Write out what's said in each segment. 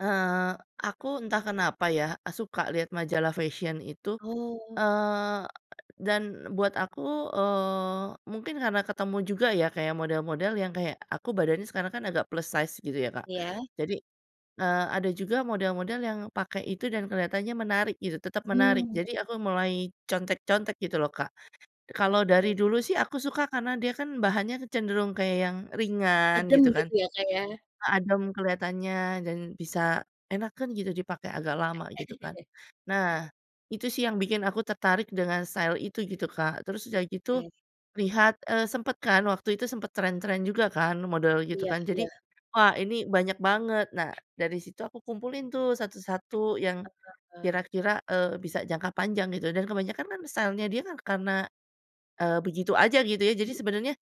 Eee, aku entah kenapa ya, suka lihat majalah fashion itu, Oh. eee, dan buat aku, eee, mungkin karena ketemu juga ya, kayak model-model yang kayak aku badannya sekarang kan agak plus size gitu ya, Kak. Iya. Jadi, eee, ada juga model-model yang pakai itu dan kelihatannya menarik gitu, tetap menarik. Mmm. Jadi aku mulai contek-contek gitu loh, Kak. Kalau dari Oke. dulu sih aku suka karena dia kan bahannya cenderung kayak yang ringan Adem gitu kan, gitu ya, Kak, ya. adem kelihatannya dan bisa enakeun gitu dipakai agak lama gitu kan. Nah itu sih yang bikin aku tertarik dengan style itu gitu, Kak, terus udah gitu Oke. lihat, eee, sempet kan waktu itu sempet trend-trend juga kan model gitu Iya kan, jadi iya. wah ini banyak banget. Nah, dari situ aku kumpulin tuh satu-satu yang Heeh heeh. kira-kira, eee, bisa jangka panjang gitu dan kebanyakan kan style-nya dia kan karena, eee, begitu aja gitu ya. Jadi sebenarnya [unintelligible]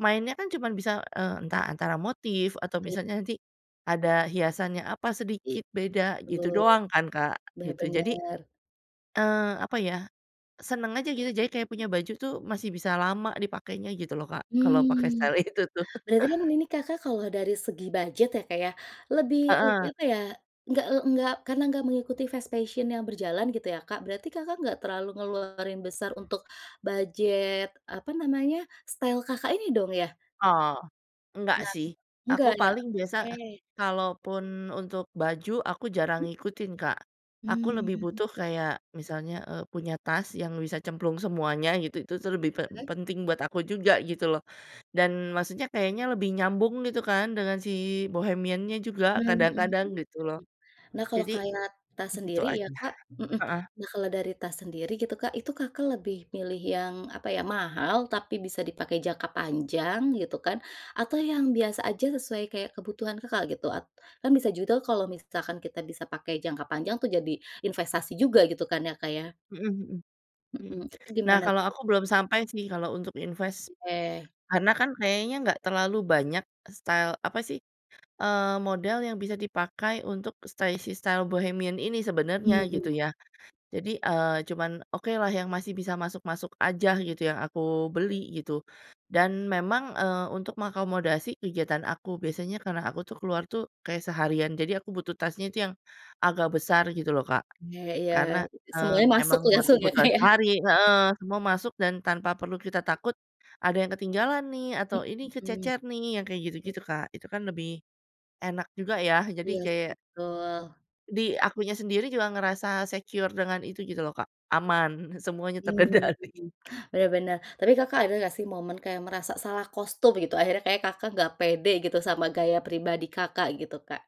mainnya kan cuman bisa, eee, entah antara motif atau Ki misalnya nanti ada hiasannya apa I sedikit beda gitu betul. doang kan, Kak, Bener gitu. Jadi, bener. eee, apa ya seneng aja gitu jadi kayak punya baju tuh masih bisa lama dipakainya gitu loh, Kak, kalau pakai Mmm, style itu tuh. berarti kan ini, Kakak, kalau dari segi budget ya, Kak, ya, lebih lebih Heeh. apa ya, nggak, eee, nggak karena nggak mengikuti fashion yang berjalan gitu ya, Kak. Berarti, Kakak, nggak terlalu ngeluarin besar untuk budget, apa namanya style, Kakak, ini dong ya? Oh, enggak Nah, sih aku enggak ya, paling biasa oke. kalaupun untuk baju aku jarang Mhm. ngikutin, Kak, aku lebih Mmm. butuh kayak misalnya, eee, punya tas yang bisa cemplung semuanya gitu, itu tuh lebih pe Ole. penting buat aku juga gitu loh, dan maksudnya kayaknya lebih nyambung gitu kan dengan si bohemiannya juga Mmm, mhm kadang-kadang gitu loh. mhm. Nah, kalau Jadi, kayak tas itu sendiri ya, aja Kak mhm. heeh. Nah, kalau dari tas sendiri gitu, Kak, itu, Kakak, lebih milih yang, apa ya, mahal tapi bisa dipakai jangka panjang gitu kan, atau yang biasa aja sesuai kayak kebutuhan, Kakak, gitu? At kan bisa juga tuh kalau misalkan kita bisa pakai jangka panjang tuh jadi investasi juga gitu kan ya, Kak, ya. Mhm mhm, mhm. Mhm, itu Nah, gimana kalau tuh? aku belum sampai sih kalau untuk invest. Oke. Karena kan kayaknya gak terlalu banyak style apa sih, eee, model yang bisa dipakai untuk stay si style si bohemian ini sebenarnya Mmm. gitu ya. Jadi, eee, cuman okelah yang masih bisa masuk-masuk aja gitu yang aku beli gitu dan memang, eee, untuk mengakomodasi kegiatan aku biasanya karena aku tuh keluar tuh kayak seharian jadi aku butuh tasnya itu yang agak besar gitu loh, Kak. Oke iya, Karena, eee, semuanya masuk emang tuh buat langsung ya, Kak, kebutuhan ya. sehari heeh, semua masuk dan tanpa perlu kita takut ada yang ketinggalan nih atau ini Mhm. kececer nih yang kayak gitu-gitu, Kak, itu kan lebih enak juga ya. Jadi, Iya sih, kayak betul. di akunya sendiri juga ngerasa secure dengan itu gitu loh, Kak, aman semuanya Mmm, terkendali. bener bener. Tapi, Kakak, ada nggak sih momen kayak merasa salah kostum gitu akhirnya kayak, Kakak, nggak pede gitu sama gaya pribadi, Kakak, gitu, Kak?